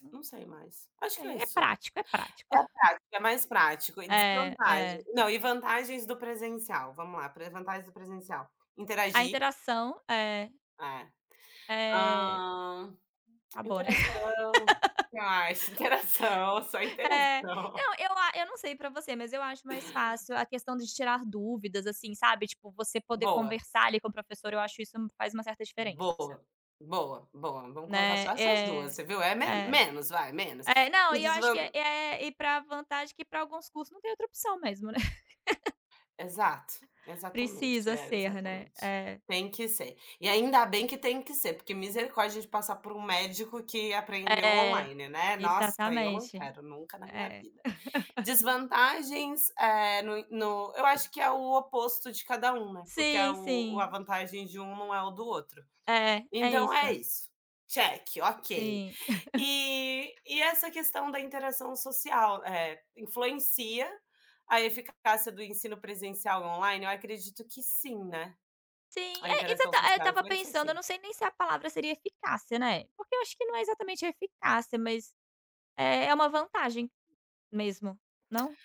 Hum. Não Não sei mais. Acho que sei. é É isso. prático, é prático. É prático, é mais prático e É, desvantagem. é. Não, e vantagens do presencial, vamos lá, para as vantagens do presencial: A interagir interação. É. É. Eh. Hã. Acabou, né? Interação. Que mais? interação, só É. interação. Não, eu a eu não sei pra você, mas eu acho mais fácil a questão de tirar dúvidas, assim, sabe, tipo, você poder Boa. conversar, ali, com o professor, eu acho isso hum, faz uma certa diferença. Boa, boa, boa. Vamos colocar só Né, essas duas. é. Você viu, é me É. menos vai, menos. É. Não, E, e eu acho que desvan é. Eh, e pra vantagem que, pra alguns cursos, não tem outra opção, mesmo, né? Exato, exatamente, Precisa é, ser, né. exatamente. É. Tem que ser. E ainda bem que tem que ser, porque misericórdia de passar por um médico que aprendeu É. online, né. Nossa! Eu não Exatamente. quero, nunca na minha É. vida. Desvantagens, eh, no no eu acho que é o oposto de cada um, né, porque é Sim, o o a sim. vantagem de um não é o do outro. É, é Então, é isso. isso, check, ok! Sim. E e, essa, questão da interação social, eh, influencia a eficácia do ensino presencial do online? Eu acredito que sim, né? Sim, A é, interação exata eh, eu social estava influencia, pensando: eu sim. não sei nem se a palavra seria "eficácia", né? Porque, eu acho que não é, exatamente, a eficácia, mas é é uma vantagem, mesmo, não?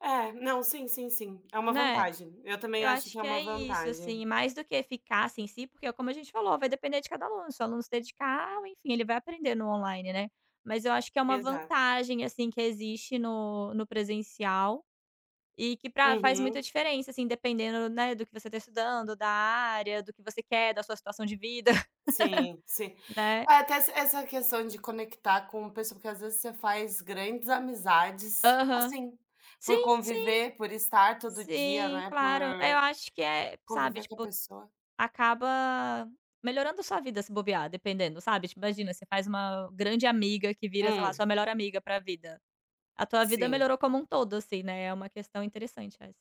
É. Não, sim, sim, sim. É uma Né. vantagem. Eu também Eu acho acho que é que uma é isso, vantagem. assim, mais do que eficácia em si, porque, é como a gente falou: "Vai depender de cada aluno". Se o aluno se dedicar ou, enfim, ele vai aprender no online, né. Mas eu acho que é uma Exa vantagem, assim, que existe no no presencial, e que pra faz Uhum. muita diferença, assim, dependendo, né, do que você tá estudando, da área, do que você quer, da sua situação de vida, Sim. Sim. né? É, até, essa essa questão de conectar com pesso porque, às vezes, você faz grandes amizades, Aham. assim, por Sim, sim. conviver, por estar todo dia, Sim, né, por claro. É, eu acho que é sabe, conviver com a tipo, pessoa. acaba melhorando a sua vida, se bobear, dependendo, sabe, tipo, imagina, você faz uma grande amiga que vira, sei lá, Hum. sua melhor amiga pra vida. A tua vida Sim. melhorou como um todo, assim, né, é uma questão interessante, essa.